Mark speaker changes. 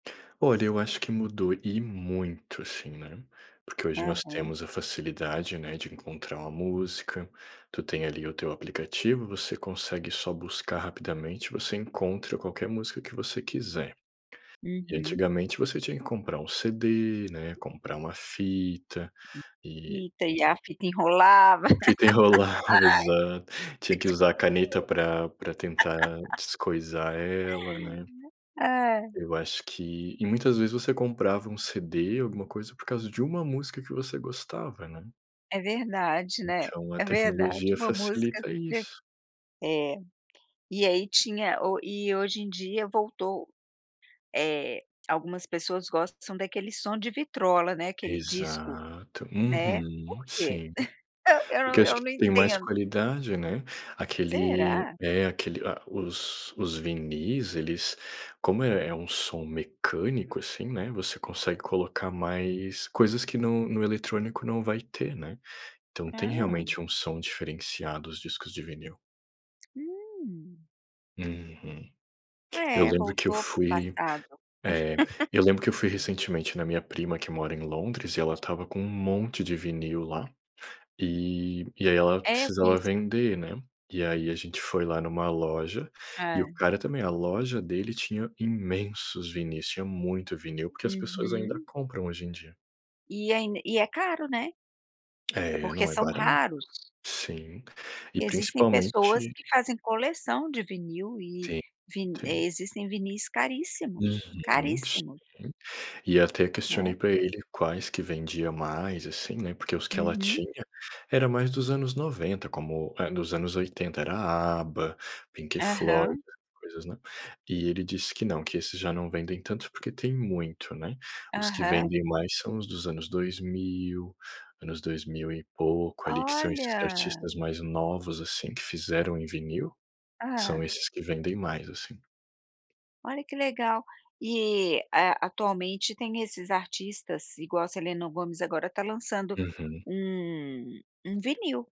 Speaker 1: Olha, eu acho que mudou e muito, assim, né, porque hoje nós
Speaker 2: Aham.
Speaker 1: temos a facilidade, né, de encontrar uma música, tu tem, ali, o teu aplicativo, você consegue só buscar rapidamente, você encontra qualquer música que você quiser. E
Speaker 2: Uhum.
Speaker 1: antigamente você tinha que comprar um CD, né, comprar uma fita,
Speaker 2: E
Speaker 1: e
Speaker 2: tem a a fita enrolava
Speaker 1: Uma fita enrolava, exato. Tinha que usar a caneta pra pra tentar descoisar ela, né.
Speaker 2: Ai.
Speaker 1: Eu acho que e muitas vezes você comprava um CD, alguma coisa, por causa de 1 música que você gostava, né.
Speaker 2: É verdade, né,
Speaker 1: Então a
Speaker 2: é
Speaker 1: tecnologia
Speaker 2: verdade, uma música
Speaker 1: facilita
Speaker 2: ti
Speaker 1: isso.
Speaker 2: é. E aí tinha o e hoje em dia voltou, eh, algumas pessoas gostam são daquele som de vitrola, né, aquele disco,
Speaker 1: Exato,
Speaker 2: né. Por
Speaker 1: uhum,
Speaker 2: quê?
Speaker 1: sim.
Speaker 2: Eu eu
Speaker 1: Porque
Speaker 2: não
Speaker 1: acho
Speaker 2: eu
Speaker 1: que
Speaker 2: não
Speaker 1: tem mais
Speaker 2: entendo.
Speaker 1: qualidade, né, aquele
Speaker 2: Será?
Speaker 1: é, aquele ah, os os vinis, eles, como é é um som mecânico, assim, né, você consegue colocar mais coisas que no no eletrônico não vai ter, né. Então tem
Speaker 2: Hã.
Speaker 1: realmente um som diferenciado, os discos de vinil.
Speaker 2: Hum.
Speaker 1: Uhum. Eu
Speaker 2: É,
Speaker 1: lembro que eu
Speaker 2: voltou para o
Speaker 1: fui,
Speaker 2: passado.
Speaker 1: eh, eu lembro que eu fui recentemente na minha prima, que mora em Londres, e ela estava com um monte de vinil lá, e e aí ela
Speaker 2: É, eu
Speaker 1: precisava
Speaker 2: conheço.
Speaker 1: vender, né, e aí a gente foi lá em uma loja, e o
Speaker 2: É.
Speaker 1: cara também, a loja dele tinha imensos vinis, tinha muito vinil, porque as pessoas ainda
Speaker 2: Uhum.
Speaker 1: compram hoje em dia.
Speaker 2: E ain e é caro, né.
Speaker 1: É,
Speaker 2: Porque
Speaker 1: não é
Speaker 2: são
Speaker 1: barato.
Speaker 2: raros.
Speaker 1: Sim, e
Speaker 2: Existem pessoas
Speaker 1: principalmente
Speaker 2: que fazem coleção de vinil e
Speaker 1: Sim,
Speaker 2: vi eh,
Speaker 1: tem.
Speaker 2: existem vinis caríssimos,
Speaker 1: Uhum, sim.
Speaker 2: caríssimos.
Speaker 1: E até questionei
Speaker 2: Né.
Speaker 1: pra ele quais que vendia mais, assim, né, porque os que ela
Speaker 2: Uhum.
Speaker 1: tinha, era mais dos anos 90, como eh, dos anos 80, era ABA, Pink Floyd,
Speaker 2: Aham.
Speaker 1: essas coisas, né. E ele disse que não, que esses já não vendem tanto, porque tem muito, né. Os que
Speaker 2: Aham.
Speaker 1: vendem mais são os dos anos 2000, anos dois mil e pouco, ali, que são esses
Speaker 2: Olha!
Speaker 1: artistas mais novos, assim, que fizeram em vinil. São
Speaker 2: Hã.
Speaker 1: esses que vendem mais, assim.
Speaker 2: Olha que legal. E, eh, atualmente tem esses artistas, igual a Selena Gomez, agora tá lançando
Speaker 1: Uhum.
Speaker 2: um um vinil.